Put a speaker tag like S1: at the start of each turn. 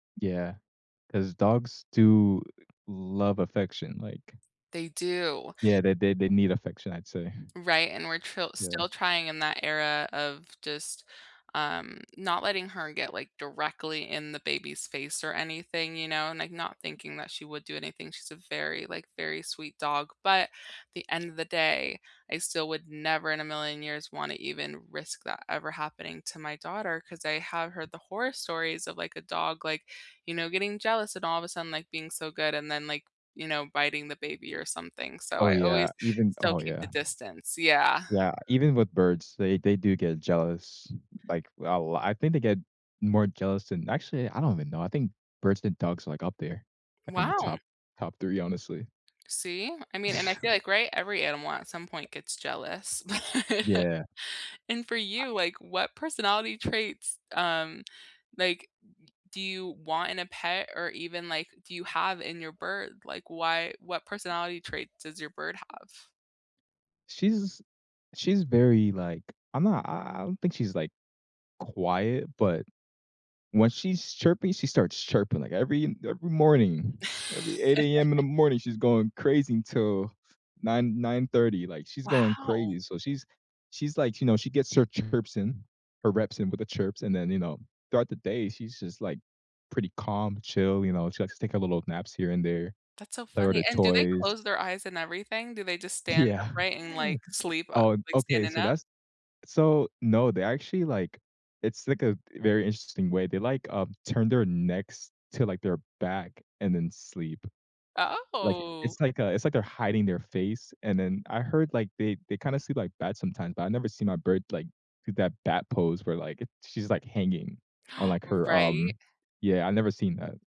S1: Yeah, 'cause dogs do love affection, like
S2: They do.
S1: Yeah, they they they need affection, I'd say.
S2: Right? And we're tril
S1: Yeah.
S2: still trying in that era of just, um, not letting her get, like, directly in the baby's face or anything, you know, and, like, not thinking that she would do anything, she's a very, like, very sweet dog, but, at the end of the day, I still would never in a million years wanna even risk that ever happening to my daughter, 'cause I have heard the horror stories of, like, a dog, like, you know, getting jealous and all of a sudden, like, being so good, and then, like, you know, biting the baby or something, so
S1: Oh,
S2: I
S1: yeah,
S2: always
S1: even
S2: still
S1: Oh,
S2: keep the
S1: yeah.
S2: distance. Yeah.
S1: Yeah, even with birds, they they do get jealous. Like, I'll I think they get more jealous than actually, I don't even know, I think birds and dogs are, like, up there. Like, in the
S2: Wow.
S1: top top 3, honestly.
S2: See? I mean and I feel like, right, every animal at some point gets jealous.
S1: Yeah.
S2: And for
S1: I
S2: you, like what personality traits, um, like, do you want in a pet, or even, like, do you have in your bird? Like why what personality traits does your bird have?
S1: She's she's very, like I'm not I I don't think she's, like, quiet, but when she's chirping, she starts chirping, like, every every morning, every 8 AM, in the morning, she's going crazy until 9:00, 9:30, like, she's going
S2: Wow.
S1: crazy, so she's she's like you know, she gets her chirps in, her reps in with the chirps, and then, you know, throughout the day, she's just, like, pretty calm, chill, you know, she likes to take a little naps here and there.
S2: That's so
S1: Play with
S2: funny,
S1: her
S2: and do they
S1: toys.
S2: close their eyes and everything, do they just stand
S1: Yeah.
S2: upright and, like, sleep, uh,
S1: Oh, an
S2: like,
S1: okay,
S2: standing
S1: so
S2: up?
S1: that's so No, they actually, like it's, like a very interesting way, they, like, um, turn their necks to, like, their back and then sleep. Like
S2: Oh.
S1: it's like a it's like they're hiding their face, and then I heard, like, they they kinda sleep like bats, sometimes, but I never see my bird, like, do that bat pose where, like, it she's, like, hanging on, like, her,
S2: Right.
S1: um yeah, I've never seen that.